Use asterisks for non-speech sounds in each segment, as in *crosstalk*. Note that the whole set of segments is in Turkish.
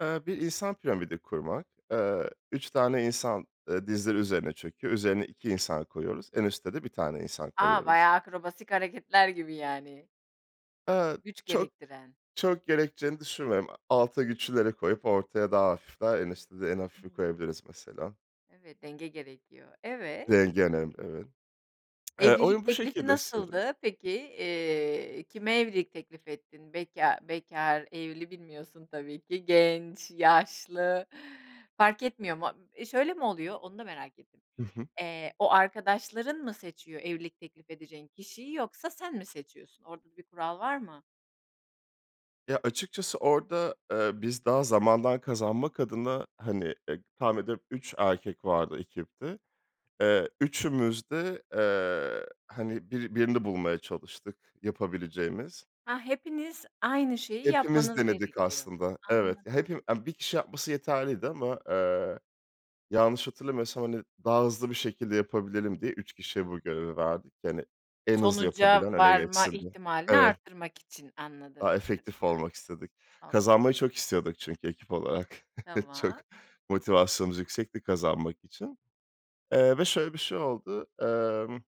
Eee, bir insan piramidi kurmak. Eee, 3 tane insan, eee, dizleri üzerine çöküyor, üzerine 2 insan koyuyoruz. En üste de 1 tane insan A, koyuyoruz. bayağı akrobasik hareketler gibi, yani. Eee, Güç çok gerektiren. çok gerekeceğini düşünmüyorum. A alta güçlüleri koyup ortaya daha hafifler en üste de en hafifi Hımm. koyabiliriz mesela. Evet, denge gerekiyor. Evet. Denge önemli, evet. Eee, Evlilik oyun bu teklifi şekilde istedi. nasıldı peki? Eee, kime evlilik teklifi ettin? Bekâr bekâr, evli bilmiyorsun tabii ki. Genç, yaşlı fark etmiyor mu? Imm, şöyle mi oluyor? Onu da merak ettim. Hı hı. Eee, o arkadaşların mı seçiyor evlilik teklif edeceğin kişiyi yoksa sen mi seçiyorsun, orada da bir kural var mı? Ya, açıkçası orada, eee, biz daha zamandan kazanmak adına, hani, e tahmin ediyorum 3 erkek vardı ekipte. Eee, üçümüz de, eee, hani, biri birini bulmaya çalıştık yapabileceğimiz. Ha! Hepiniz aynı şeyi Hepimiz yapmanız denedik gerekiyor. aslında. Evet, ya, Anladım. hepi a 1 kişi yapması yeterliydi ama, eee, yanlış hatırlamıyorsam, hani, daha hızlı bir şekilde yapabilelim diye 3 kişiye bu görevi verdik ki hani en hızlı Sonuca yapabilen öne varma geçsin diye ihtimalini Evet. arttırmak için anladığım Daha efektif kadarıyla. olmak istedik. Hak Kazanmayı çok istiyorduk çünkü ekip olarak. *chuckles* Çok Tamam. motivasyonumuz yüksekti kazanmak için. Eee, ve şöyle bir şey oldu: Emm,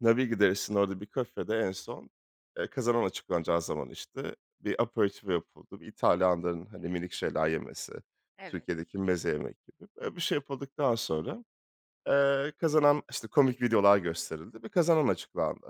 Navigli deresinin orada bir kafede en son, eee, kazanan açıklanacağı zaman, işte, bir aperitivo yapıldı. Bir İtalyanların, hani, minik şeyler yemesi, Evet. Türkiye'deki meze yemek gibi. Böyle bir şey yapıldıktan sonra, eee, kazanan işte, komik videolar gösterildi ve kazanan açıklandı.